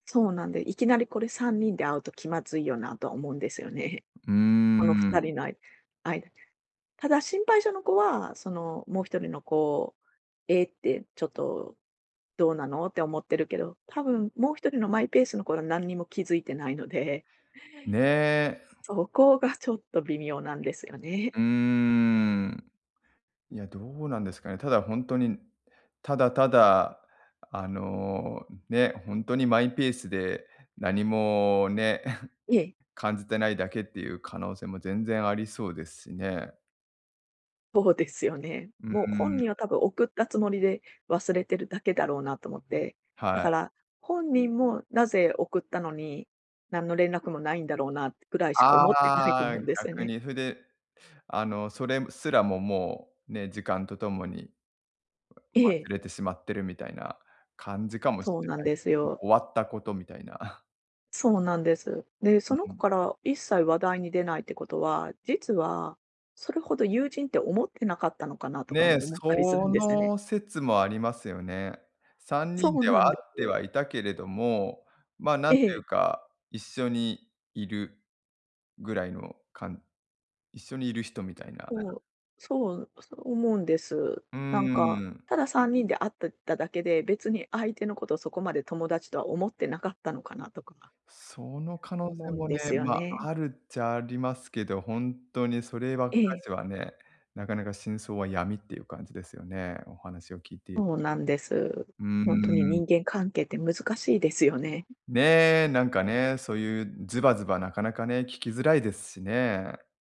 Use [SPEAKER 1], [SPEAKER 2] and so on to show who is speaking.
[SPEAKER 1] そうなんで、いきなりこれ3人で会うと気まずいよなとは思うんですよね。
[SPEAKER 2] う
[SPEAKER 1] このふ
[SPEAKER 2] ー
[SPEAKER 1] た
[SPEAKER 2] ん。
[SPEAKER 1] りのあいあい。ただ心配性の子は、その、もう1人の子、「えっ」て、「ちょっとどうなの」って思ってるけど、多分もう1人のマイペースの子は、なんにも気づいてないので
[SPEAKER 2] ね。
[SPEAKER 1] そこがちょっと微妙なんですよ
[SPEAKER 2] う
[SPEAKER 1] ね。
[SPEAKER 2] ーん。いや、どうなんですかね。ただほんとに、ただただ、あの、ね、ほんとにマイペースでなにもね、
[SPEAKER 1] ええ。
[SPEAKER 2] 感じてないだけっていう可能性も全然ありそうですしね。
[SPEAKER 1] そうですよね。
[SPEAKER 2] うー
[SPEAKER 1] もう本
[SPEAKER 2] ん。
[SPEAKER 1] 人は多分送ったつもりで忘れてるだけだろうなと思って。だ
[SPEAKER 2] は
[SPEAKER 1] か
[SPEAKER 2] い。
[SPEAKER 1] ら本人もなぜ送ったのに、なんの連絡もないんだろうなってくらいしか思ってないと
[SPEAKER 2] ああ、
[SPEAKER 1] 思うんですよ
[SPEAKER 2] 逆
[SPEAKER 1] ね。
[SPEAKER 2] にふであの、それむすらも、もうね、時間とともに、
[SPEAKER 1] え
[SPEAKER 2] わ
[SPEAKER 1] え。
[SPEAKER 2] 忘れてしまってるみたいな感じかもし
[SPEAKER 1] そう
[SPEAKER 2] れ
[SPEAKER 1] なん
[SPEAKER 2] ない。
[SPEAKER 1] です
[SPEAKER 2] も
[SPEAKER 1] よ。
[SPEAKER 2] う終わったことみたいな。
[SPEAKER 1] そうなんです。で、
[SPEAKER 2] う
[SPEAKER 1] その子
[SPEAKER 2] ん。
[SPEAKER 1] から一切話題に出ないってことは、実はそれほど友人って思ってなかったのかなとか
[SPEAKER 2] ね、
[SPEAKER 1] も思ったりす
[SPEAKER 2] そ
[SPEAKER 1] るんですよね。
[SPEAKER 2] の説もありますよね。さんに
[SPEAKER 1] そ
[SPEAKER 2] ん
[SPEAKER 1] う
[SPEAKER 2] で
[SPEAKER 1] な
[SPEAKER 2] は
[SPEAKER 1] ん
[SPEAKER 2] 会
[SPEAKER 1] で
[SPEAKER 2] って
[SPEAKER 1] す。
[SPEAKER 2] はいたけれども、ま、なん
[SPEAKER 1] え
[SPEAKER 2] ていう
[SPEAKER 1] え。
[SPEAKER 2] か、一緒にいるぐらいのかん一緒にいる人みたいな。
[SPEAKER 1] そう、そう、そう思うんです。
[SPEAKER 2] う
[SPEAKER 1] なんか、
[SPEAKER 2] ーん。
[SPEAKER 1] ただ3人で会ってただけで、別に相手のことそこまで友達とは思ってなかったのかなとか
[SPEAKER 2] その可能性
[SPEAKER 1] 思うん
[SPEAKER 2] もね、
[SPEAKER 1] ですよ
[SPEAKER 2] ま、
[SPEAKER 1] ね。
[SPEAKER 2] あるっちゃありますけど、ほんとにそればっか
[SPEAKER 1] ええ。
[SPEAKER 2] しはね、なかなか真相は闇っていう感じですよね、お話を聞いて
[SPEAKER 1] そうなんです。
[SPEAKER 2] うー
[SPEAKER 1] ほんとに
[SPEAKER 2] ん。
[SPEAKER 1] 人間関係って難しいですよね。
[SPEAKER 2] ね、なんかね、そういうズバズバなかなかね、聞きづらいですしね。